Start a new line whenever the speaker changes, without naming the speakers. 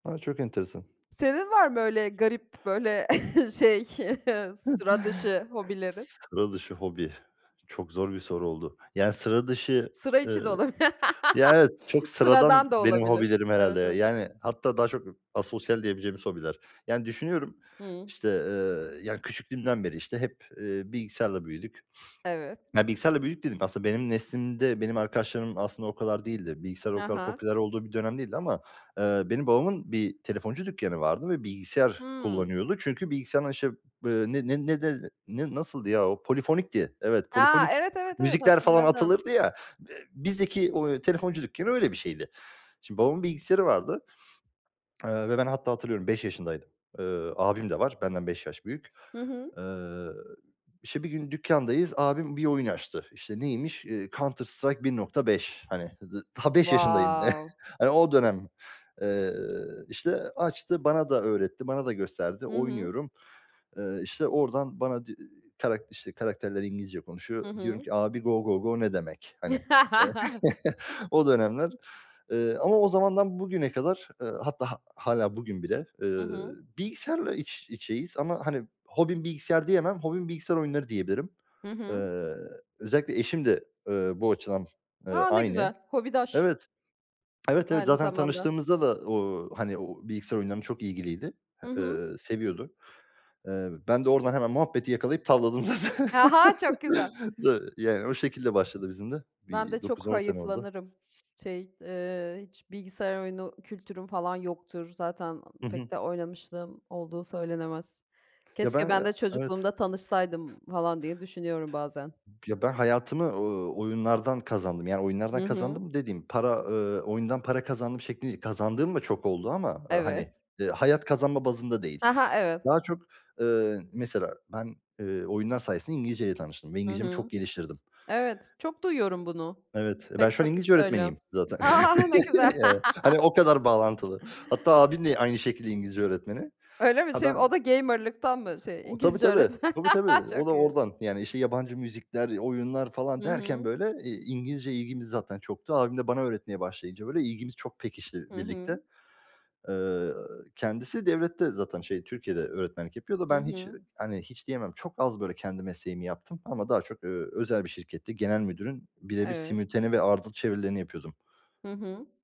A! Çok enteresan.
Senin var mı öyle garip, böyle şey, sıra dışı hobilerin?
S sıra dışı hobi... Çok zor bir soru oldu. Yani sıra dışı,
Sıra
eee
içi de olabil
Ya, evet, çok sıradan
Sıradan da
benim
olabilir.
hobilerim herhâlde
Evet,
ya.
evet.
Yani hatta daha çok ı asosyal diyebileceğimiz hobiler. Yani, düşünüyorum,
Hıı.
işte, eee, yani küçüklüğümden beri, işte, hep, eee, bilgisayarla büyüdük.
Evet.
Yani "bilgisayarla büyüdük" dediğim, aslında benim neslimde, benim arkadaşlarım aslında o kadar değildir. Bilgisayar o
Ha
kadar
ha.
popüler olduğu bir dönem değildi ama, eee, benim babamın bir telefoncu dükkanı vardı ve bilgisayar
Hımm.
kullanıyordu. Çünkü bilgisayardan işte, eee, ne ne ne de ne ne nasıldı ya o? Polifonikti. Evet,
A!
polifonik
Evet, evet, evet,
müzikler falan
hatırladım.
atılırdı ya. Eee, bizdeki o, eee, telefoncu dükkanı öyle bir şeydi. Şimdi babamın bilgisayarı vardı. Eee, ve ben hatta hatırlıyorum 5 yaşındaydım. Eee, abim de var. Benden 5 yaş büyük.
Hı hı.
Eee, işte, bir gün dükkandayız. Abim bir oyun açtı. İşte, neymiş? Eee, Counter-Strike 1.5 hani, d daha 5 yaşındayım.
Wow!
Hani, o dönem. Eee, işte, açtı, bana da öğretti, bana da gösterdi.
Hı hı.
Oynuyorum. Eee, işte oradan bana di iii, karak işte, karakterler İngilizce
Hı
konuşuyor. Diyorum
hı.
ki: "Abi, go, go, go, ne demek?" hani. Eee, O dönemler. Eee, ama o zamandan bugüne kadar, eee, hatta ha hâlâ bugün bile,
Hı
eee,
hı.
bilgisayarla iç içeyiz. Ama, hani, hobim bilgisayar diyemem. Hobim bilgisayar oyunları diyebilirim.
Hı hı.
Eee, özellikle eşim de, eee, bu açıdan, eee,
A! Ne
aynı.
güzel! Hobidaş.
Evet. Evet, evet,
Aynı
zaten
zamanda.
tanıştığımızda da o, hani o o bilgisayar oyunlarına çok ilgiliydi h
Hı hı.
eee, seviyordu. Eee, ben de oradan hemen muhabbeti yakalayıp tavladım zaten.
Aha, çok güzel!
Tabii, yani o şekilde başladı bizim de.
Ben
Bir
de çok
9-10 sene oldu.
hayıflanırım. Şey, eee, hiç bilgisayar oyunu kültürüm falan yoktur. Zaten, aaa,
Hı hı.
pek de oynamışlığım olduğu söylenemez.
Ya, ben,
Keşke
eee
ben de
Evet.
çocukluğumda tanışsaydım falan diye düşünüyorum bazen.
Ya, ben hayatımı, ııı, oyunlardan kazandım. Yani oyunlardan
Hı hı.
kazandım dediğim para, eee, oyundan para kazandım şeklinde değil. Kazandığım da çok oldu ama, ııı, hani,
Evet.
eee, hayat kazanma bazında değil.
Ha ha. Evet.
Daha çok, eee, mesela ben, eee, oyunlar sayesinde İngilizceyle tanıştım ve
Hı
İngilizcemi çok
hı.
geliştirdim
Evet, çok duyuyorum bunu.
Evet, ben
Pek
şu an
çok kişi
İngilizce
söylüyor.
öğretmeniyim zaten.
A! Ne güzel.
Yani. Hani, o kadar bağlantılı. Hatta abim de aynı şekilde İngilizce öğretmeni.
Öyle mi?
Ha, ben
Şey, o
ya
da gamer'lıktan mı, şey,
O Tabii,
İngilizce
tabii.
öğretm
Tabii, tabii. O da
Çok iyi.
oradan. Yani, işte, yabancı müzikler, oyunlar falan
Hı
derken
hı.
böyle, eee, İngilizceye ilgimiz zaten çoktu. Abim de bana öğretmeye başlayınca böyle ilgimiz çok pekişti
Hı
birlikte.
hı.
Eee, kendisi devlette zaten, şey, Türkiye'de öğretmenlik yapıyor da.
Hı
Ben hiç eee,
hı.
hani, hiç diyemem, çok az, böyle, kendi mesleğimi yaptım. Ama daha çok, eee, özel bir şirkette genel müdürün bire bir
Evet.
simultane ve ardıl çevirilerini yapıyordum.
Hı hı.